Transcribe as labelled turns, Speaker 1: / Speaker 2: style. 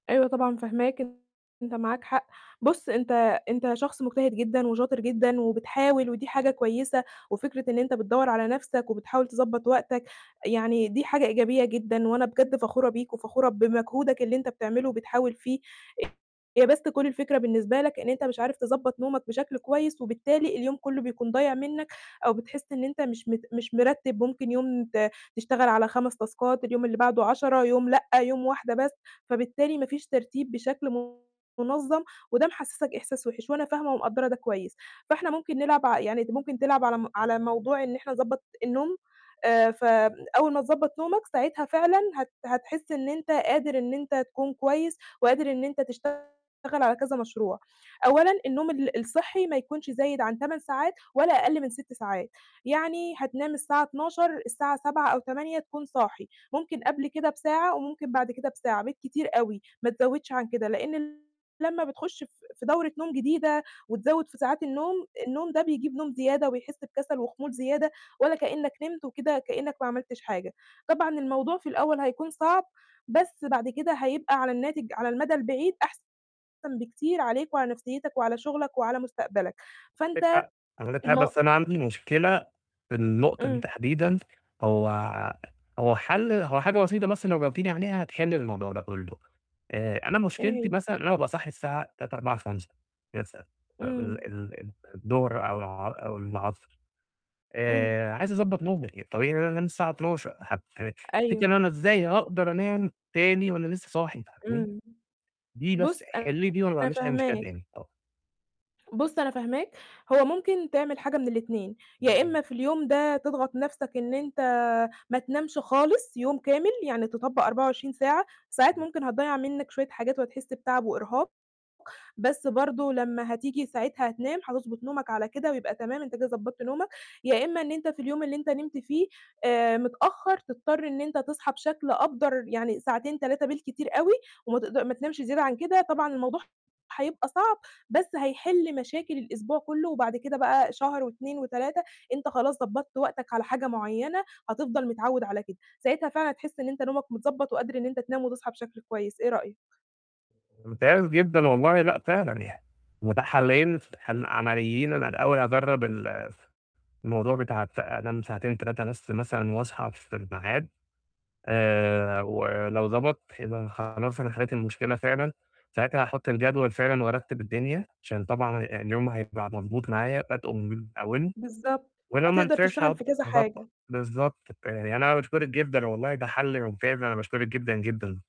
Speaker 1: أيوه، طبعًا، فاهماك أنت معاك حق، بُص أنت أنت شخص مجتهد جدًا وشاطر جدًا وبتحاول ودي حاجة كويسة، وفكرة إن أنت بتدوّر على نَفْسك وبتحاول تضبّط وقتك، يعني دي حاجة إيجابية جدًا وأنا بجد فخورة بيك وفخورة بمجهودك اللي أنت بتعمله وبتحاول فيه، هي بس كل الفكرة بالنسبة لك إن أنت مش عارف تضبّط نومك بشكل كويس، وبالتالي اليوم كلّه بيكون ضايع منّك أو بتحس إن أنت مش مت مش مرتّب ممكن يوم ت تشتغل على 5 تاسكات، اليوم اللي بعده 10 يوم لأ، يوم واحدة بس، فبالتالي ما فيش ترتيب بشكل مُنظّم وده محسِسك إحساس وِحش وأنا فاهمة ومقدّرة ده كويس، فإحنا ممكن نلعب ع يعني أنت ممكن تلعب على م على موضوع إن إحنا نضبّط النوم، آآ فبن أول ما تضبّط نومك ساعتها فعلًا هت هتحس إن أنت قادر إن أنت تكون كويس، وقادر إن أنت تشتغل على كذا مشروع، أولًا النوم ال الصحّي ما يكونش زايد عن 8 ساعات ولا أقل من 6 ساعات، يعني هتنام الساعة 00:00 الساعة 07:00 أو 08:00 تكون صاحي، ممكن قبل كده بساعة وممكن بعد كده بساعة بالكتير أوي ما تزوّدش عن كده، لإن لمّا بتخش ف في دورة نوم جديدة وتزوّد في ساعات النوم، النوم ده بيجيب نوم زيادة وبيحس بكسل وخمول زيادة ولا كإنّك نمت وكده كإنّك ما عملتش حاجة، طبعًا الموضوع في الأول هيكون صعب بس بعد كده هيبقى على الناتج على المدى البعيد أحسن بكتير عليك وعلى نَفْسيّتك وعلى شُغلك وعلى مستقبلك،
Speaker 2: [unintelligible]
Speaker 1: فأنت
Speaker 2: حق، عندِك حق،
Speaker 1: المو
Speaker 2: بس أنا عندي مشكلة في النقطة دي
Speaker 1: إمم.
Speaker 2: تحديدًا، هو هو حَل هو حاجة بسيطة بس لو جاوبتيني عليها هتحلّي الموضوع ده كلّه، آآ أنا
Speaker 1: إيه
Speaker 2: مشكلتي
Speaker 1: هي؟
Speaker 2: مثلًا إن أنا أبقى صاحي الساعة 15:00، 16:00، 17:00 [unintelligible] فم ال
Speaker 1: إمم.
Speaker 2: ال ال الضهر أو الع أو العصر،
Speaker 1: إمم.
Speaker 2: آآ عايز أضبّط نومي يعني الطبيعي إن أنا أنام الساعة 00:00 هت ه تفتكري
Speaker 1: أيوه.
Speaker 2: إن أنا إزاي هاقدر أنام تاني وأنا لسه صاحي فاهماني،
Speaker 1: إمم.
Speaker 2: دي بس
Speaker 1: بُص
Speaker 2: حلّي لي دي وأنا ما
Speaker 1: أنا
Speaker 2: عنديش أي مشكلة
Speaker 1: فاهماك.
Speaker 2: تاني ط
Speaker 1: بُص أنا فاهماك، هو ممكن تعمل حاجة من ال2 يا
Speaker 2: اهم.
Speaker 1: إمّا في اليوم ده تضغط نَفْسك إن أنت ما تنامش خالص يوم كامل، يعني تطبّق 24 ساعة، ساعات ممكن هتضيّع منّك شوية حاجات وهتحس بتعب وإرهاق، بس برضه لمّا هتيجي ساعتها هتنام هتضبط نومك على كده ويبقى تمام أنت كده ضبّطت نومك، يا إمّا إن أنت في اليوم اللي أنت نمت فيه آآ متأخّر تضطر إن أنت تصحى بشكل أبدَر يعني ساعتين، 3 بالكتير أوي، وما تقد ما تنامش زيادة عن كده، طبعًا الموضوع هيبقى صعب، بس هيحل مشاكل الأسبوع كلّه وبعد كده بقى شهر و2 و3 أنت خلاص ضبّطت وقتك على حاجة معيّنة هتفضل متعوّد على كده، ساعتها فعلًا هتحس إن أنت نومك متضبّط وقادر إن أنت تنام وتصحى بشكل كويس، إيه رأيك؟
Speaker 2: ممتاز جدًا والله لأ، فعلًا يع متاح حالّين ف عمليّين أنا الأول هاجرّب الف الموضوع بتاع ف أنام ساعتين، 3 بس مثلًا وأصحى في الميعاد، آآ ولو ضبط يبقى أنا خلاص أنا حلّيت المشكلة فعلًا، ساعتها هاحُط الجدول فعلًا وارتّب الدنيا عشان طبعًا آآ اليوم هيبقى مضبوط معايا بادئه من أوّله،
Speaker 1: بالضبط،
Speaker 2: ولو ما
Speaker 1: هتقدر
Speaker 2: نفعش
Speaker 1: تشتغل
Speaker 2: هاض
Speaker 1: في كذا
Speaker 2: هاضبّط
Speaker 1: حاجة.
Speaker 2: بالضبط ب يعني أنا باشكُرِك جدًا والله ده حَل ممتاز أنا باشكُرِك جدًا، جدًا.